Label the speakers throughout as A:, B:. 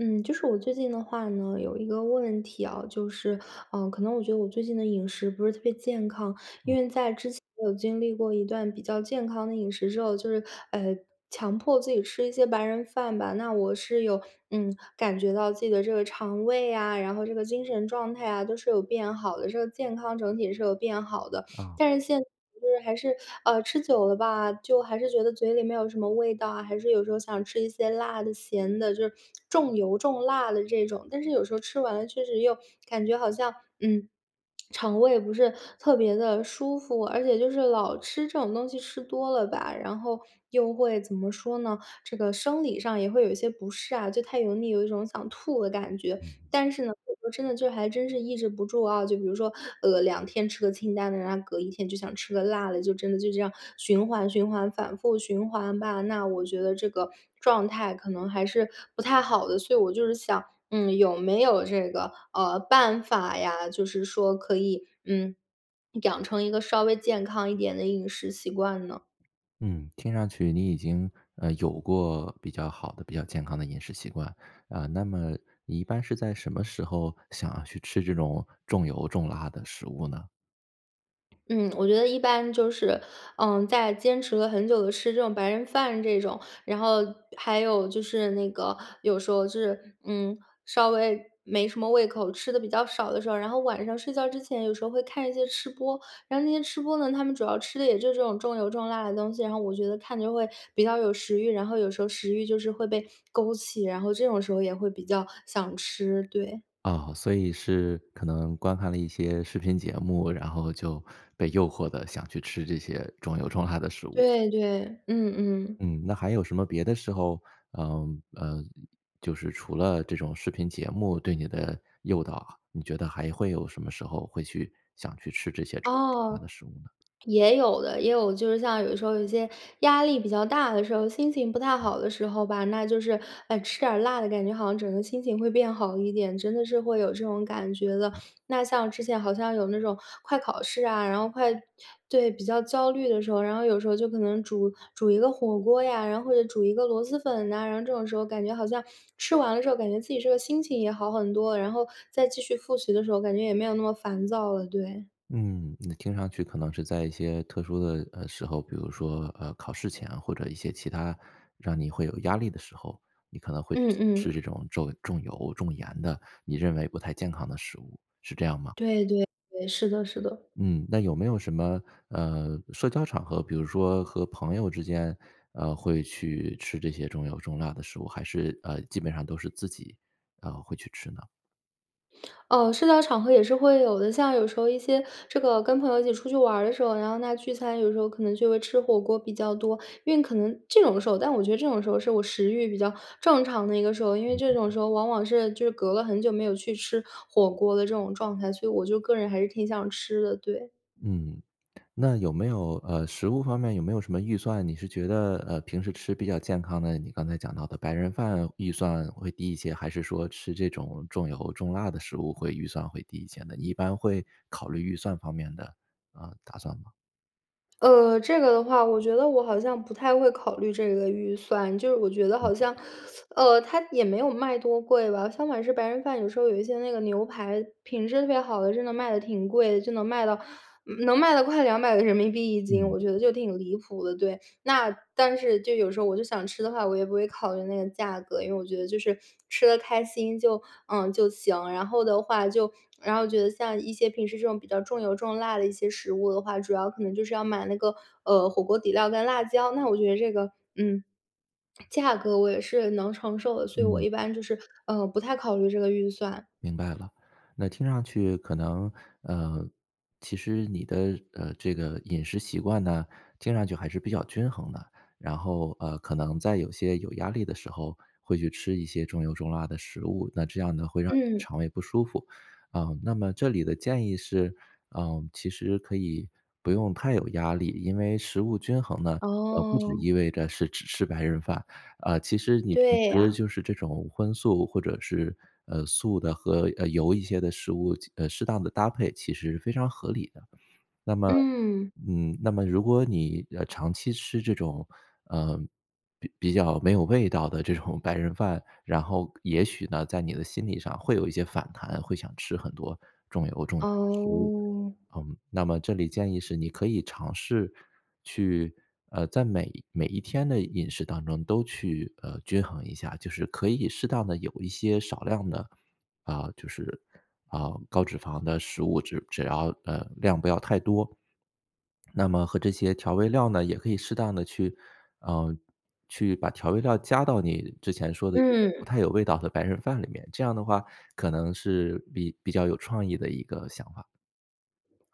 A: 嗯，就是我最近的话呢，有一个问题啊，就是，呃，可能我觉得我最近的饮食不是特别健康，因
B: 嗯。
A: 为在之前有经历过一段比较健康的饮食之后就是呃，强迫自己吃一些白人饭吧，那我是有嗯，感觉到自己的这个肠胃啊，然后这个精神状态啊，都是有变好的，这个健康整体是有变好的。
B: 哦。
A: 但是现在就是还是呃，吃久了吧，就还是觉得嘴里没有什么味道啊，还是有时候想吃一些辣的、咸的，就是，重油重辣的这种。但是有时候吃完了确实又感觉好像，嗯，肠胃不是特别地舒服，而且就是老吃这种东西吃多了吧，然后又会怎么说呢？这个生理上也会有一些不适啊，就太油腻，有一种想吐的感觉。
B: 嗯，嗯。
A: 但是呢，我说真的就还真是抑制不住啊，就比如说，呃，2天吃个清淡的，然后隔1天就想吃个辣的，就真的就这样，循环循环反复循环吧，那我觉得这个状态可能还是不太好的，所以我就是想，嗯，有没有这个，呃，办法呀，就是说可以，嗯，养成一个稍微健康一点的饮食习惯呢？
B: 嗯，听上去你已经，呃，有过比较好的、比较健康的饮食习惯，啊，那么，你一般是在什么时候，想要去吃这种重油重辣的食物呢？
A: 嗯，我觉得一般就是，嗯，在坚持了很久地吃这种白人饭这种，然后还有就是那个，有时候就是，嗯，稍微没什么胃口，吃得比较少的时候，然后晚上睡觉之前有时候会看一些吃播，然后那些吃播呢，他们主要吃的也就是这种重油重辣的东西，然后我觉得看着会比较有食欲，然后有时候食欲就是会被勾起，然后这种时候也会比较想吃，对。
B: 啊，所以是可能观看了一些视频节目，然后就被诱惑得想去吃这些重油重辣的食物。
A: 对对，嗯嗯。
B: 嗯，那还有什么别的时候，嗯，呃，就是除了这种视频节目对你的诱导啊，你觉得还会有什么时候会去想去吃这些重油重辣
A: 哦，
B: 的食物呢？
A: 也有的，也有，就是像有时候有些，压力比较大的时候，心情不太好的时候吧，那就是，呃，吃点儿辣的感觉好像整个心情会变好一点，真的是会有这种感觉的。那像之前好像有那种快考试啊，然后快对，比较焦虑的时候，然后有时候就可能煮煮一个火锅呀，然后就煮一个螺蛳粉呐，然后这种时候感觉好像，吃完了之后，感觉自己这个心情也好很多，然后再继续复习的时候，感觉也没有那么烦躁了，对。
B: 嗯，你听上去可能是在一些特殊的，呃，时候，比如说，呃，考试前或者一些其他，让你会有压力的时候，你可能会去
A: 嗯
B: 想吃
A: 嗯。
B: 这种重重油重盐的、你认为不太健康的食物，是这样吗？
A: 对对对，是的是的。
B: 嗯，那有没有什么，呃，社交场合，比如说和朋友之间，呃，会去吃这些重油重辣的食物，还是，呃，基本上都是自己，啊，会去吃呢？
A: 呃，社交场合也是会有的，像有时候一些这个跟朋友一起出去玩儿的时候，然后那聚餐，有时候可能就会吃火锅比较多。因为可能这种的时候，但我觉得这种时候是我食欲比较正常的一个时候，因为这种时候往往是就是隔了很久没有去吃火锅的这种状态，所以我就个人还是挺想吃的，对。
B: 嗯，那有没有，呃，食物方面有没有什么预算？你是觉得，呃，平时吃比较健康的，你刚才讲到的白人饭预算会低一些，还是说吃这种重油重辣的食物会预算会低一些呢？一般会考虑预算方面的，呃，打算吗？
A: 呃，这个的话，我觉得我好像不太会考虑这个预算，就是我觉得
B: 嗯
A: 好像，
B: 嗯。
A: 呃，它也没有卖多贵吧，相反是白人饭，有时候有一些那个牛排品质特别好的，真的卖得挺贵的，就能卖到，能卖到快200个人民币1斤，
B: 嗯。
A: 我觉得就挺离谱的，对。那但是就有时候我就想吃的话，我也不会考虑那个价格，因为我觉得就是吃得开心就呃，就行。然后的话就然后觉得像一些平时这种比较重油重辣的一些食物的话，主要可能就是要买那个，呃，火锅底料跟辣椒，那我觉得这个嗯，价格我也是能承受的，所以我
B: 嗯。
A: 一般就是，呃，不太考虑这个预算。
B: 明白了，那听上去可能，呃，其实你的呃，这个饮食习惯呢，听上去还是比较均衡的，然后，呃，可能在有些有压力的时候，会去吃一些重油重辣的食物，那这样呢会让你的
A: 嗯。
B: 肠胃不舒服。啊，那么这里的建议是，呃，其实可以不用太有压力，因为食物均衡呢，呃，不只
A: 哦。
B: 意味着是只吃白人饭，啊，其实你平
A: 对
B: 时
A: 呀。
B: 就是这种荤素或者是，呃，素的和，呃，油一些的食物进呃，适当地搭配其实是非常合理的。那么
A: 嗯。
B: 嗯，那么如果你，呃，长期吃这种，呃，比比较没有味道的这种白人饭，然后也许呢，在你的心理上会有一些反弹，会想吃很多重油重盐的食物。
A: 哦。
B: 嗯，那么这里建议是你可以尝试去呃，在每每一天的饮食当中都去，呃，均衡一下。就是可以适当地有一些少量的，啊，就是，啊，高脂肪的食物。只只要呃，量不要太多。那么和这些调味料呢也可以适当地去啊，去把调味料加到你之前说的这个不
A: 嗯。
B: 太有味道的白人饭里面，这样的话，可能是比比较有创意的一个想法。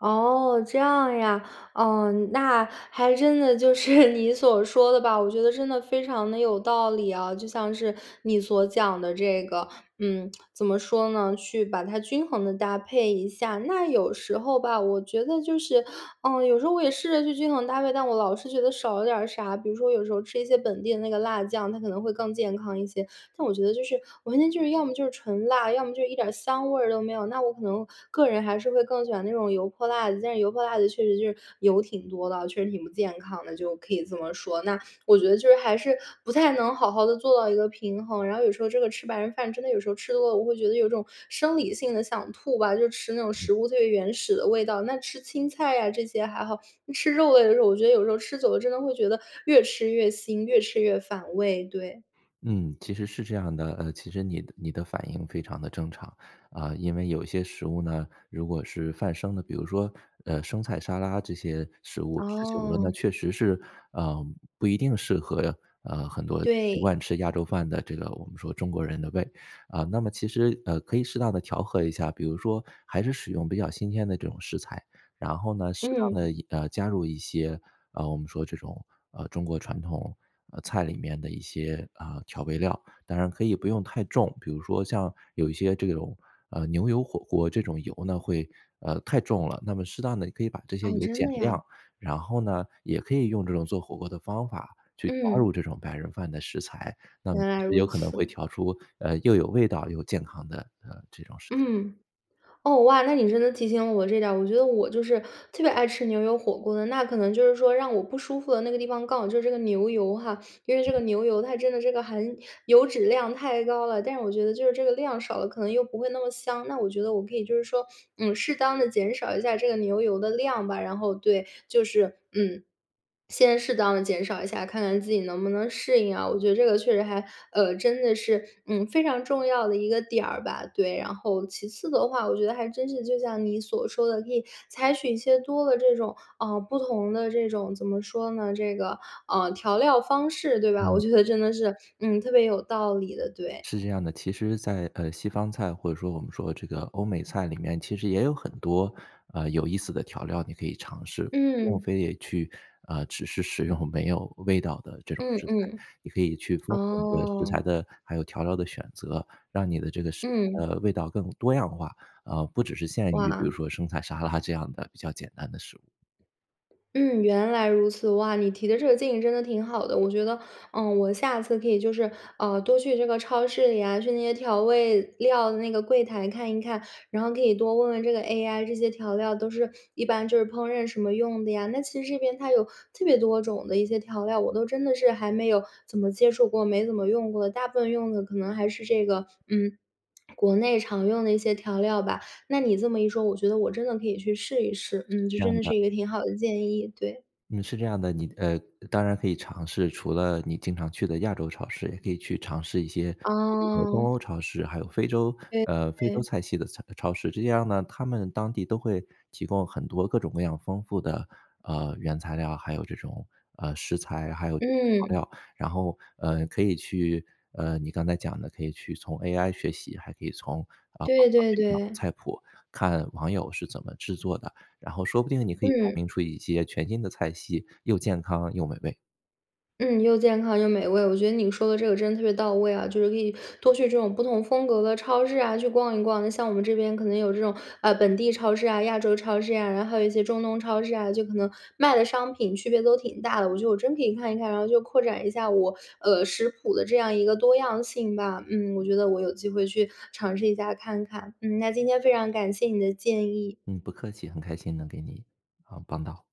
A: 哦，这样呀。嗯，那还真的就是你所说的吧，我觉得真的非常地有道理啊，就像是你所讲的这个，嗯，怎么说呢，去把它均衡地搭配一下。那有时候吧，我觉得就是，嗯，有时候我也试着去均衡搭配，但我老是觉得少了点啥。比如说有时候吃一些本地的那个辣酱，它可能会更健康一些，但我觉得就是完全就是要么就是纯辣，要么就是一点儿香味儿都没有，那我可能个人还是会更喜欢那种油泼辣子，但是油泼辣子确实就是油挺多的啊，确实挺不健康的，就可以这么说。那我觉得就是还是不太能好好地做到一个平衡，然后有时候这个吃白人饭真的有时候吃多了，我会觉得有种生理性的想吐吧，就吃那种食物最原始的味道，那吃青菜呀，这些还好，那吃肉类的时候，我觉得有时候吃久了，真的会觉得越吃越腥，越吃越反胃，对。
B: 嗯，其实是这样的。呃，其实你的你的反应非常地正常。啊，因为有些食物呢，如果是泛生的，比如说，呃，生菜、沙拉这些食物，吃久了那
A: 哦。
B: 确实是，啊不一定适合，啊，很多习
A: 对。
B: 惯吃亚洲饭的这个我们说中国人的胃。啊，那么其实，呃，可以适当地调和一下，比如说还是使用比较新鲜的这种食材，然后呢，适当
A: 嗯。
B: 地一呃加入一些，啊，我们说这种，啊，中国传统菜里面的一些，啊，调味料。当然可以不用太重，比如说像有一些这种，呃，牛油火锅这种油呢，会，呃，太重了，那么适当地可以把这些
A: 哦，
B: 油
A: 真
B: 减
A: 的呀？
B: 量。然后呢，也可以用这种做火锅的方法去加入
A: 嗯。
B: 这种白人饭的食材，那么
A: 原来
B: 就
A: 如
B: 有可能会
A: 此。
B: 调出，呃，又有味道又健康的，呃，这种食材。
A: 嗯。哦，哇，那你真的提醒我这点儿，我觉得我就是特别爱吃牛油火锅的。那可能就是说让我不舒服的那个地方刚好就是这个牛油哈，因为这个牛油它真的这个含油脂量太高了，但是我觉得就是这个量少了，可能又不会那么香。那我觉得我可以就是说，嗯，适当地减少一下这个牛油的量吧，然后，对，就是，嗯，先适当地减少一下，看看自己能不能适应啊，我觉得这个确实还，呃，真的是，嗯，非常重要的一个点儿吧，对。然后其次的话，我觉得还真是就像你所说的，可以采取一些多的这种，啊，不同的这种怎么说呢，这个，呃，调料方式，对吧？我
B: 嗯。
A: 觉得真的是，嗯，特别有道理的，对。
B: 是这样的。其实在，呃，西方菜或者说我们说这个欧美菜里面其实也有很多，啊，有意思的调料你可以尝试。不用
A: 嗯。
B: 非得去，啊，只是使用没有味道的这种
A: 嗯，
B: 食材，
A: 嗯。
B: 你可以去丰富你的食
A: 哦。
B: 材的、还有调料的选择，让你的这个食
A: 嗯。
B: 材的味道更多样化。啊，不只是限于比如
A: 哇。
B: 说生菜沙拉这样的比较简单的食物。
A: 嗯，原来如此。哇，你提的这个建议真的挺好的。我觉得，嗯，我下次可以就是，呃，多去这个超市里啊，去那些调味料的那个柜台看一看，然后可以多问问这个 AI，这些调料都是一般就是烹饪什么用的呀。那其实这边它有特别多种的一些调料，我都真的是还没有怎么接触过，没怎么用过的，大部分用的可能还是这个，嗯，国内常用的一些调料吧。那你这么一说，我觉得我真的可以去试一试。
B: 是
A: 嗯，这
B: 这
A: 真
B: 样
A: 的是
B: 的。
A: 一个挺好的建议，对。
B: 嗯，是这样的。你呃，当然可以尝试，除了你经常去的亚洲超市，也可以去尝试一些比如说东
A: 哦。
B: 欧超市，还有非洲，
A: 对
B: 呃，非洲
A: 对。
B: 菜系的菜超市。这样呢，他们当地都会提供很多各种各样丰富的，呃，原材料，还有这种，呃，食材，还有这个调
A: 嗯。
B: 料。然后，呃，可以去，呃，你刚才讲的可以去从 AI 学习，还可以从，呃，网
A: 对
B: 上
A: 对
B: 去找
A: 对。
B: 菜谱，看网友是怎么制作的，然后说不定你可以发
A: 嗯。
B: 明出一些全新的菜系，又健康又美味。
A: 嗯，又健康又美味。我觉得你说的这个真的特别到位啊，就是可以多去这种不同风格的超市啊，去逛一逛，那像我们这边可能有这种，啊，本地超市啊，亚洲超市呀，然后还有一些中东超市啊，就可能卖的商品区别都挺大的。我觉得我真可以看一看，然后就扩展一下我，呃，食谱的这样一个多样性吧。嗯，我觉得我有机会去尝试一下看看。嗯，那今天非常感谢你的建议。
B: 嗯，不客气。很开心能给你呃，帮到。